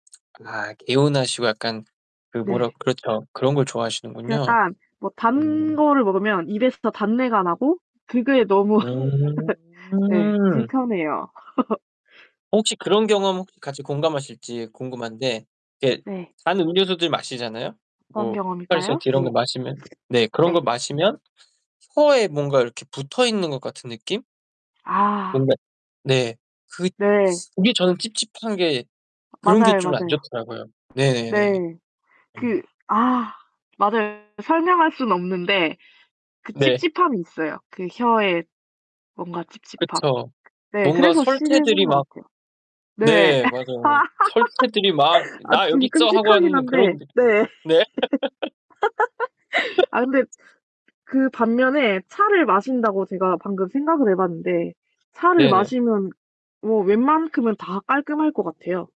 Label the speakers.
Speaker 1: 아 개운하시고 약간 그 뭐라
Speaker 2: 네.
Speaker 1: 그렇죠. 그런 걸
Speaker 2: 그
Speaker 1: 좋아하시는군요.
Speaker 2: 약간 뭐 단
Speaker 1: 음
Speaker 2: 거를 먹으면 입에서 더 단내가 나고 그게 너무 네
Speaker 1: 음.
Speaker 2: 불편해요.
Speaker 1: 혹시 그런 경험 혹시 같이 공감하실지 궁금한데 이게
Speaker 2: 네.
Speaker 1: 단 음료수들 마시잖아요.
Speaker 2: 어떤
Speaker 1: 뭐
Speaker 2: 경험일까요?
Speaker 1: 포카리스웨트 이런
Speaker 2: 네.
Speaker 1: 것 마시면 네 그런 거
Speaker 2: 네.
Speaker 1: 마시면 혀에 뭔가 이렇게 붙어 있는 것 같은 느낌?
Speaker 2: 아.
Speaker 1: 뭔가 네. 그
Speaker 2: 네.
Speaker 1: 츠 그게 저는 찝찝한 게 그런 게
Speaker 2: 맞아요,
Speaker 1: 좀 안
Speaker 2: 맞아요.
Speaker 1: 좋더라고요. 네네네.
Speaker 2: 네.
Speaker 1: 어.
Speaker 2: 그 아 맞아요. 설명할 수는 없는데 그
Speaker 1: 네.
Speaker 2: 찝찝함이 있어요. 그 혀에 뭔가 찝찝함.
Speaker 1: 그쵸.
Speaker 2: 네.
Speaker 1: 뭔가
Speaker 2: 그래서 싫은
Speaker 1: 설태들이 막
Speaker 2: 것 같아요. 네.
Speaker 1: 네. 맞아요. 설태들이 막
Speaker 2: 아
Speaker 1: "나
Speaker 2: 지금
Speaker 1: 여기 있어." 하고
Speaker 2: 끔찍하긴
Speaker 1: 하는 그런
Speaker 2: 한데.
Speaker 1: 느
Speaker 2: 네.
Speaker 1: 네.
Speaker 2: 아, 근데 그 반면에 차를 마신다고 제가 방금 생각을 해 봤는데 차를
Speaker 1: 네네.
Speaker 2: 마시면 뭐 웬만큼은 다 깔끔할 것 같아요.